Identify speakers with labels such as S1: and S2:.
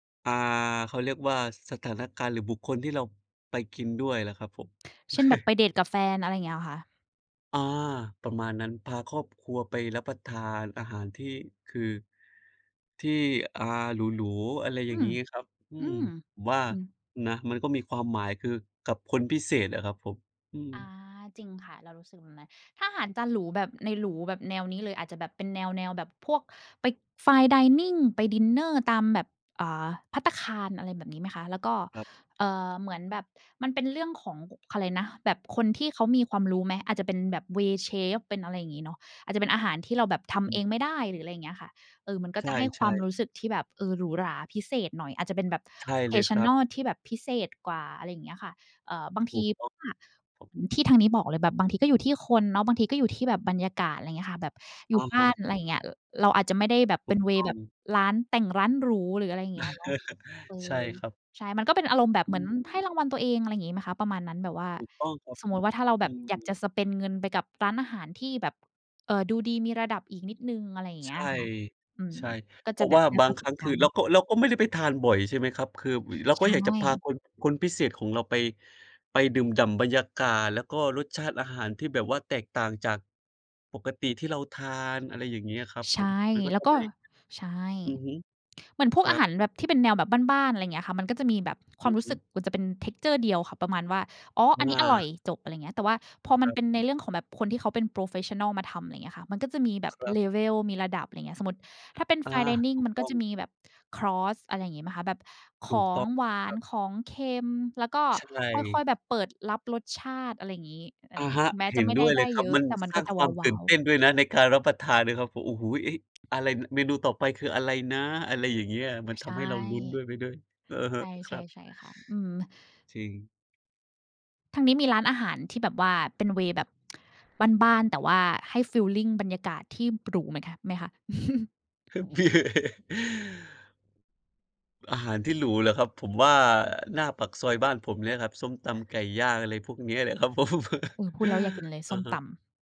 S1: อา เขาเรียกว่า สถานการณ์หรือบุคคลที่เราไปกินด้วยล่ะครับผม
S2: เช่น แบบไปเดตกับแฟน อะไรเงี้ยเหรอคะ?
S1: อา ประมาณนั้นพาครอบครัวไปรับประทานอาหารที่ คือ ที่ อ่า หรู ๆ อะไรอย่
S2: อื
S1: าง
S2: ม
S1: งี้ครับ อื
S2: อื
S1: อ
S2: ม
S1: ผมว่า
S2: อืม
S1: นะ มันก็มีความหมาย คือกับคนพิเศษอะครับผม อือ
S2: อา จริงค่ะ เรารู้สึกแบบนั้น ถ้าอาหารจานหรูแบบ ในหรูแบบแนวนี้เลย อาจจะแบบเป็นแนว ๆ แบบพวกไป fine dining ไปดินเนอร์ตามแบบ เอ่อ ภัตตาคาร อะไรแบบนี้ไหมคะ แล้วก็
S1: ครับ
S2: เอ่อ เหมือนแบบ มันเป็นเรื่องของ ข อะไรนะ แบบคนที่เขามีความรู้ไหม อาจจะเป็นแบบ เวย์ เชฟ เป็นอะไรอย่างงี้เนาะ อาจจะเป็นอาหารที่เราแบบท
S1: อ
S2: ำเอ
S1: ืม
S2: งไม่ได้ หรืออะไรอย่างเงี้ยค่ะ เออ มันก็
S1: ใ
S2: จะให้ค
S1: ช
S2: วา
S1: ่
S2: มร
S1: ๆ
S2: ู้สึกที่แบบ เออ หรูหราพิเศษหน่อย อาจจะเป็นแบบ
S1: ใช่เลยครับ
S2: traditional ที่แบบพิเศษกว่า อะไรอย่างเงี้ยค่ะ เอ่อ บางท
S1: ถ
S2: ี
S1: ูกต้อง
S2: ถ้า
S1: ครับ
S2: ที่ทางนี้บอกเลย แบบบางทีก็อยู่ที่คนเนาะ บางทีก็อยู่ที่แบบบรรยากาศ อะไรเงี้ยค่ะ แบบอยู
S1: อ
S2: ่
S1: ะ
S2: บ
S1: ฮ
S2: ้
S1: ะ
S2: าน อะ
S1: อื
S2: ไร
S1: ม
S2: อย่าง
S1: ค
S2: เ
S1: ร
S2: งี
S1: ั
S2: ้
S1: บ
S2: ย ร เราอาจจะไม่ได้แบบ
S1: ถ
S2: เ
S1: ู
S2: ป็น
S1: ก
S2: เว
S1: ต
S2: ย์
S1: ้อ
S2: แบบ
S1: ง
S2: ร้านแต่งร้านหรู หรืออะไรอย่างเงี้ยเนาะ เอ
S1: ใช่
S2: อ
S1: ครับ
S2: ใช่ มันก็เป็นอารมณ์แบบ
S1: อ
S2: เหมื
S1: ื
S2: อนให้
S1: ม
S2: รางวัลตัวเอง อะไรงี้ไหมคะ ประมาณนั้น แบบว่า
S1: ถูกต้องครับ
S2: สมมติว่าถ้าเราแ
S1: อ
S2: บ
S1: ื
S2: บอยากจ
S1: ม
S2: ะ spend เงินไปกับร้านอาหารที่แบบ เอ่อ ดูดีมีระดับอีกนิดหนึ่ง อะไรอย่างเ
S1: ใ
S2: ง
S1: ช
S2: ี้ย
S1: ่
S2: ค่ะ อืม
S1: ใช่
S2: ก็
S1: เพ
S2: จ
S1: ร
S2: ะ
S1: าะ
S2: แบ
S1: ว
S2: บ
S1: ่า
S2: ได้
S1: บา
S2: ป
S1: ง
S2: ระ
S1: ค
S2: ส
S1: รั
S2: บ
S1: ้ง
S2: ก
S1: ค
S2: า
S1: ือ
S2: รณ์
S1: เ
S2: เ
S1: ร
S2: นา
S1: าก็
S2: ะ
S1: เราก็ไม่ได้ไปทานบ่อย ใช่ไหมครับ คือ ว เรา
S2: ใช
S1: ก็อยากจะพา
S2: ่
S1: คน คนพิเศษของเราไป ไปดื่มด่ำบรรยากาศ แล้วก็รสชาติอาหารที่แบบว่าแตกต่างจาก ปกติที่เราทาน อะไรอย่างงี้อะครับ
S2: ใช
S1: ผ
S2: ่
S1: ม มันก็
S2: แล้
S1: จ
S2: ว
S1: ะ
S2: ก็
S1: ไม่
S2: ใช่
S1: อือฮึ
S2: เหมือนพ
S1: ค
S2: วก
S1: ร
S2: อ
S1: ั
S2: าห
S1: บ
S2: ารแบบ ที่เป็นแนวแบบบ้าน ๆ อะไรเงี้ยค่ะ มันก็จะมีแบบค
S1: อ
S2: วา
S1: ื
S2: ม
S1: อ
S2: รู
S1: ฮ
S2: ้
S1: ึ
S2: สึกกว่าจะเป็น texture เดียวค่ะ ประมาณว่า "อ๋อ อัน
S1: ง
S2: นี้อร่อ
S1: า
S2: ย" จบ อะไรอย่างเงี้ย แต่ว่าพอม
S1: ค
S2: ันเป็นใน
S1: รับ
S2: เรื่องของแบบคนที่เขาเป็น โพรเฟสชันนัล มาทำ อะไรอย่างเงี้ยค่ะ มันก็จะมีแบบ
S1: ครับ
S2: level มีระดับ อะไรอย่างเงี้ย สมมุติถ้าเป็น
S1: อา
S2: fine
S1: ถ
S2: dining
S1: ูก
S2: มัน
S1: ต
S2: ก็
S1: ้อ
S2: จ
S1: ง
S2: ะมีแบบคอร์ส อะไรงี้ไหมคะ แบบข
S1: ถูก
S2: อ
S1: ต
S2: ง
S1: ้อง
S2: หวา
S1: ค
S2: น
S1: รับ
S2: ของเค็ม แล้วก็
S1: ใช
S2: ค่อ
S1: ่
S2: ย ๆ แบบเปิดรับรสชาติ อะไรงี้ อะไ
S1: อ
S2: ร
S1: ะ
S2: งี
S1: ฮ
S2: ้
S1: ะ
S2: ถึงแม้
S1: เห
S2: จะ
S1: ็น
S2: ไม่
S1: ด
S2: ไ
S1: ้
S2: ด้
S1: วยเ
S2: ไ
S1: ล
S2: ด
S1: ย
S2: ้
S1: ครั
S2: เย
S1: บ
S2: อะ
S1: มัน
S2: แต่มัน
S1: สร้
S2: ก็
S1: าง
S2: จะ
S1: ความ
S2: ว
S1: ต
S2: ้
S1: ื่
S2: า
S1: น
S2: ว
S1: เต
S2: ๆ
S1: ้นด้วยนะ ในการรับประทานนะครับผม "โอ้โฮ! เอ๊ะ! อะไร เมนูต่อไปคืออะไรนะ?" อะไรอย่างเงี้ย มัน
S2: ใ
S1: ท
S2: ช่
S1: ำให้เราลุ้นด้วย ไปด้วย อือฮ
S2: ใ
S1: ึ
S2: ช
S1: คร
S2: ่
S1: ับ
S2: ๆ ใช่ค่ะ อืม
S1: จริง
S2: ทางนี้มีร้านอาหารที่แบบว่าเป็น เวย์ แบบ บ้าน ๆ แต่ว่าให้ฟีลลิงบรรยากาศที่หรูเหมือนคะ ไหมคะ?
S1: อาหารที่หรูเหรอครับ? ผมว่าหน้าปากซอยบ้านผมเนี่ยครับ ส้มตำไก่ย่าง อะไรพวกเนี้ยแหละ ครับผม
S2: เออ พูดแล้วอยากกินเลย ส
S1: อะ
S2: ้ม
S1: ฮ
S2: ต
S1: ะ
S2: ำ